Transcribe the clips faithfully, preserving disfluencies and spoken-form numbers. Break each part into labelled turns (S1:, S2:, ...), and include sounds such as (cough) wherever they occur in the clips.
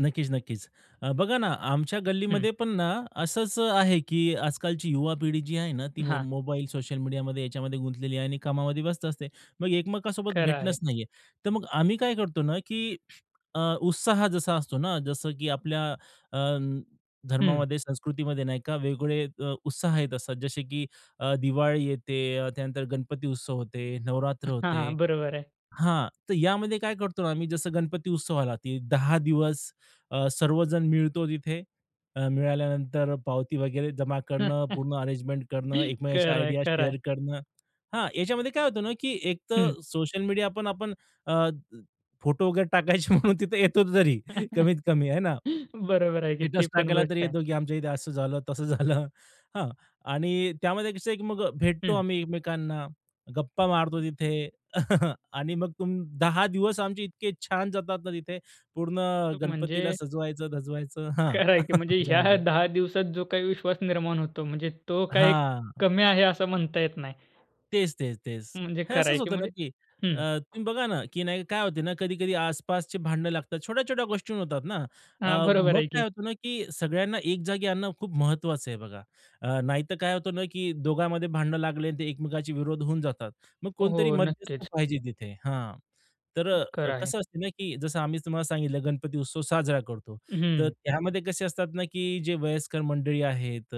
S1: नक्कीच, नक्कीच. अ, बघा ना, आमच्या
S2: हम्म.
S1: गल्लीमध्ये पण ना, असंच आहे, की आज-कालची युवा पिढी जी आहे ना, ती मो
S2: हां.
S1: मोबाईल, सोशल मीडियामध्ये याच्यामध्ये गुंतलेली आहे आणि कामामध्ये व्यस्त असते, मग एकमेकांसोबत
S2: खरं आहे.
S1: भेटणंच नाहीये. तर मग आम्ही काय करतो ना, की अ, उत्साह जसा असतो ना, जसं की आपल्या अ,
S2: हम्म.
S1: धर्मामध्ये, संस्कृतीमध्ये नाही का वेगवेगळे अ, उत्साह येत असतात. जसे, की अ, दिवाळी येते, त्यानंतर गणपती उत्सव होतो, नवरात्र
S2: (chuckles) हां,
S1: होतं.
S2: हां. बरोबर आहे.
S1: हां, तर यामध्ये काय करतो ना आम्ही, जसं गणपती उत्सव आला, की दहा दिवस अ, सर्वजण मिळतो तिथे. अ, मिळाल्यानंतर पावती वगैरे जमा करणं, पूर्ण अरेंजमेंट करणं,
S2: (chuckles)
S1: एकमेकाच्या
S2: खरं आहे,
S1: आयडिया
S2: खरं आहे.
S1: शेअर करणं. हां, याच्यामध्ये काय होतं ना, की
S2: हम्म.
S1: एकतर सोशल मीडियापण आपण अ, फोटो वगैरे टाकायचे म्हणून तिथे येतो तरी
S2: (chuckles)
S1: कमीत-कमी आहे ना.
S2: बरोबर आहे, की ती
S1: स्टेटस
S2: पण
S1: टाकायला तरी
S2: गोष्ट आहे.
S1: येतो, की आमच्या इथे असं झालं, तसं झालं. हां आणि त्यामध्ये कसं आहे, की मग भेटतो
S2: हम्म.
S1: आम्ही एकमेकांना, गप्पा मारतो तिथे (chuckles) आणि मग तिथून दहा दिवस आमचे इतके छान जातात ना तिथे, पूर्ण गणपतीला
S2: म्हणजे
S1: सजवायचं-धजवायचं. हां,
S2: करायची,
S1: (chuckles)
S2: म्हणजे ह्या
S1: त्याच्यामध्ये.
S2: दहा दिवसात जो काही विश्वास निर्माण होतो, म्हणजे तो काही
S1: हां.
S2: कमी आहे, असं म्हणता येत नाही.
S1: तेच, तेच, तेच.
S2: म्हणजे
S1: हे असंच
S2: करायची
S1: होतं ना,
S2: म्हणजे
S1: की अ,
S2: हम्म.
S1: तुम्ही बघा ना, की नाही काय होतं ना कधी-कधी आसपासचे भांड लागतात, छोट्या-छोट्या गोष्टी होतात ना. अ,
S2: हां, बरोबर
S1: मग
S2: आहे
S1: काय
S2: की.
S1: होतं ना, की सगळ्यांना एक जागी आणणं, खूप महत्त्वाचं आहे बघा. अ, नाहीतर काय होतं ना, की दोघांमध्ये भांड लागले आणि ते एकमेकांचे विरोध होऊन जातात, मग
S2: हो,
S1: कोणतरी
S2: हो,
S1: मध्यस्थ
S2: नक्कीच.
S1: पाहिजे तिथे. हां, तर अ,
S2: खरं आहे.
S1: कसं असतं ना, की जसं आम्ही तुम्हाला सांगितलं, गणपती उत्सव साजरा करतो, तर
S2: हम्म.
S1: त्यामध्ये कसे असतात ना, की जे वयस्कर मंडळी आहेत,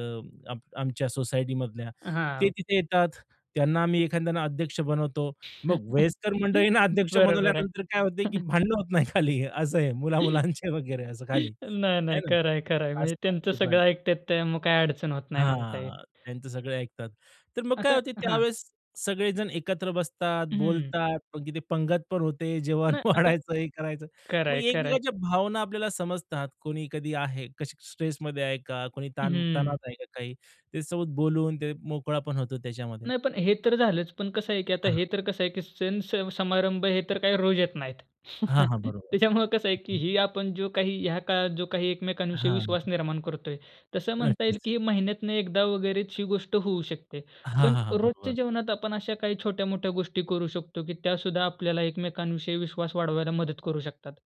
S1: आम आमच्या सोसायटीमधल्या, ते
S2: हां.
S1: तिथे येतात. त्यांना आम्ही एखाद्याने अध्यक्ष बनवतो. मग
S2: (chuckles)
S1: वयस्कर मंडळींना अध्यक्ष
S2: बरोबर आहे.
S1: बनवल्यानंतर काय होतं, की
S2: (chuckles)
S1: भांडणं होत नाही खाली, असं आहे
S2: (chuckles)
S1: मुला-मुलांचं वगैरे असं खाली,
S2: नाही,
S1: आहे
S2: नाही,
S1: ना.
S2: खरं आहे. खरं आहे, म्हणजे
S1: असं आहे
S2: त्यांचं
S1: ते पण
S2: सगळं ऐकतात ते मग काही अडचण होत नाही, म्हणता येईल.
S1: हां, त्यांचं सगळे ऐकतात. तर मग काय
S2: आता
S1: होतं
S2: हां.
S1: त्यावेळेस सगळेजण एकत्र बसतात,
S2: हम्म.
S1: बोलतात. अगदी पंगतपण होते, जेवण
S2: नाही आता
S1: वाढायचं हे करायचं.
S2: खरं
S1: मग
S2: आहे, खरं आहे.
S1: एकमेकांच्या भावना आपल्याला समजतात. कोणी कधी आहे, कशी स्ट्रेसमध्ये आहे का, कोणी
S2: हम्म.
S1: ताण-तणावात आहे का काही, ते सोबत बोलून, ते मोकळेपणा होतो त्याच्यामध्ये.
S2: नाही, पण हे तर झालंच, पण कसं आहे, की आता
S1: हां.
S2: हे तर कसं आहे, की सण-स समारंभ हे तर काही रोज येत नाहीत.
S1: हां, हां,
S2: (chuckles)
S1: बरोबर.
S2: त्याच्यामुळं कसं आहे, की ही आपण जो काही, ह्या काळात जो काही एकमेकांविषयी
S1: हां.
S2: विश्वास निर्माण करतोय. तसं म्हणता येईल,
S1: नक्कीच.
S2: की ही महिन्यातनं एकदा वगैरेची गोष्ट होऊ शकते,
S1: हां,
S2: पण
S1: हां, हां.
S2: रोजच्या
S1: बरोबर.
S2: जीवनात आपण अशा काही छोट्या-मोठ्या गोष्टी करू शकतो, की त्या सुद्धा आपल्याला एकमेकांविषयी विश्वास वाढवायला मदत करू शकतात?